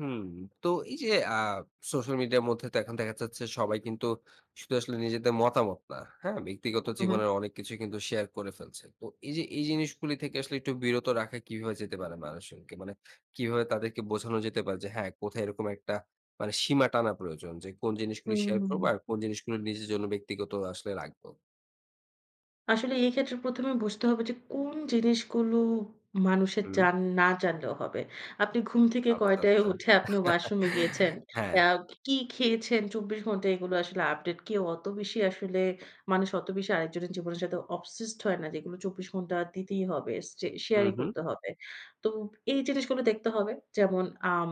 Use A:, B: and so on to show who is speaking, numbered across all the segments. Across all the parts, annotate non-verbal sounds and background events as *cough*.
A: হুম। তো এই যে আ সোশ্যাল মিডিয়ার মধ্যে তো এখন দেখা যাচ্ছে, সবাই কিন্তু শুধু আসলে নিজেদের মতামত না। হ্যাঁ, ব্যক্তিগত
B: হু, হু।
A: জীবনের অনেক কিছুই কিন্তু শেয়ার করে ফেলছে। তো এই যে, এই জিনিসগুলো থেকে আসলে একটু বিরত রাখা কিভাবে যেতে পারে মানুষকে মানে কিভাবে তাদেরকে বোঝানো যেতে পারে যে হ্যাঁ, কোথায় এরকম একটা মানে সীমা টানা প্রয়োজন যে, কোন
B: হু,
A: জিনিসগুলো
B: হু,
A: শেয়ার করবো
B: হুম।
A: আর কোন জিনিসগুলো নিজের জন্য ব্যক্তিগত আসলে রাখবো?
B: আসলে এই ক্ষেত্রে প্রথমে বুঝতে হবে যে, কোন জিনিসগুলো মানুষের
A: হু।
B: যান না জানলেও হবে। আপনি ঘুম থেকে
A: আচ্ছা,
B: কয়টায়
A: আচ্ছা।
B: উঠে আপনি
A: *chuckles*
B: ওয়াশরুমে গিয়েছেন।
A: হ্যাঁ।
B: আ কি খেয়েছেন ২৪ ঘণ্টায় এগুলো আসলে আপডেট কেউ অত বেশি আসলে মানুষ অত বেশি আরেকজনের জীবনের সাথে অবসেসড হয় না। যেগুলো ২৪ ঘণ্টা দিতেই হবে। চে
A: হু,
B: শেয়ার ই
A: হু।
B: করতে হবে। তো এই জিনিসগুলো দেখতে হবে। যেমন আম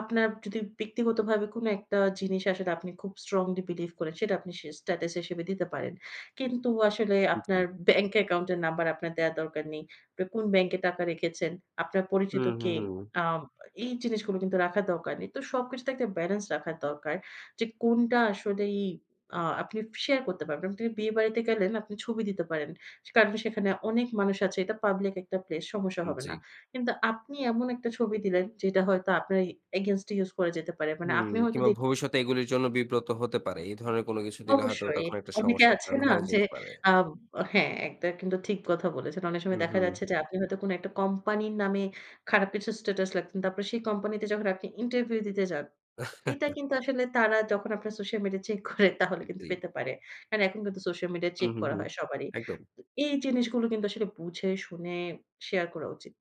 B: আপনার যদি ব্যক্তিগতভাবে কোন একটা জিনিস আসলে আপনি খুব স্ট্রংলি বিলিভ করেন। সেটা আপনি সে স্টেটাস হিসেবে দিতে পারেন। কিন্তু আসলে আপনার
A: জি।
B: ব্যাংক অ্যাকাউন্ট এর নাম্বার আপনার দেয়ার দরকার নেই। কোন ব্যাংকে টাকা রেখেছেন, আপনার পরিচিত
A: হুম, হুম,
B: কে,
A: হুম।
B: আ এই জিনিসগুলো কিন্তু রাখার দরকার নেই। তো সবকিছুতে একটা ব্যালেন্স রাখা দরকার। যে কোনটা আসলেই আ আপনি শেয়ার করতে পারবেন। তুমি বিয়েবাড়িতে গেলেন আপনি ছবি দিতে পারেন। কারণ সেখানে অনেক মানুষ আছে। এটা পাবলিক একটা প্লেস সমস্যা হবে না।
A: জি।
B: কিন্তু আপনি এমন একটা ছবি দিলেন যেটা হয়তো আপনার এ এগেইনস্ট এ ইউস করা যেতে পারে। মানে
A: হুম।
B: আপনি হয়তো
A: কিংবা
B: দেখ
A: ভবিষ্যতে এগুলির জন্য বিব্রত হতে পারে। এ ধরনের কোন কিছু দিলে হয়তো
B: অবশ্যই।
A: তখন একটা
B: অনেকে
A: সমস্যার
B: আছে
A: কারণ
B: না
A: হয়ে
B: যে
A: যেতে পারে।
B: আ হ্যাঁ একটা কিন্তু ঠিক কথা বলেছেন। অনেক
A: হু,
B: সময় দেখা
A: হুম।
B: যাচ্ছে যে, আপনি হয়তো কোনো একটা কোম্পানির নামে খারাপ কিছুর স্টেটাস লেখতেন। তারপর সেই কোম্পানি তে যখন আপনি ইন্টারভিউ দিতে যান, এটা কিন্তু আসলে তারা যখন
A: *chuckles* আ
B: আপনার সোশ্যাল মিডিয়া চেক করে, তাহলে কিন্তু
A: জি।
B: পেতে পারে। কারণ এখন কিন্তু সোশ্যাল মিডিয়া
A: হু,
B: চেক
A: হু,
B: করা
A: হু,
B: হয় সবারই।
A: একদম।
B: তো এই জিনিসগুলো কিন্তু আসলে বুঝে শুনে শেয়ার করা উচিত।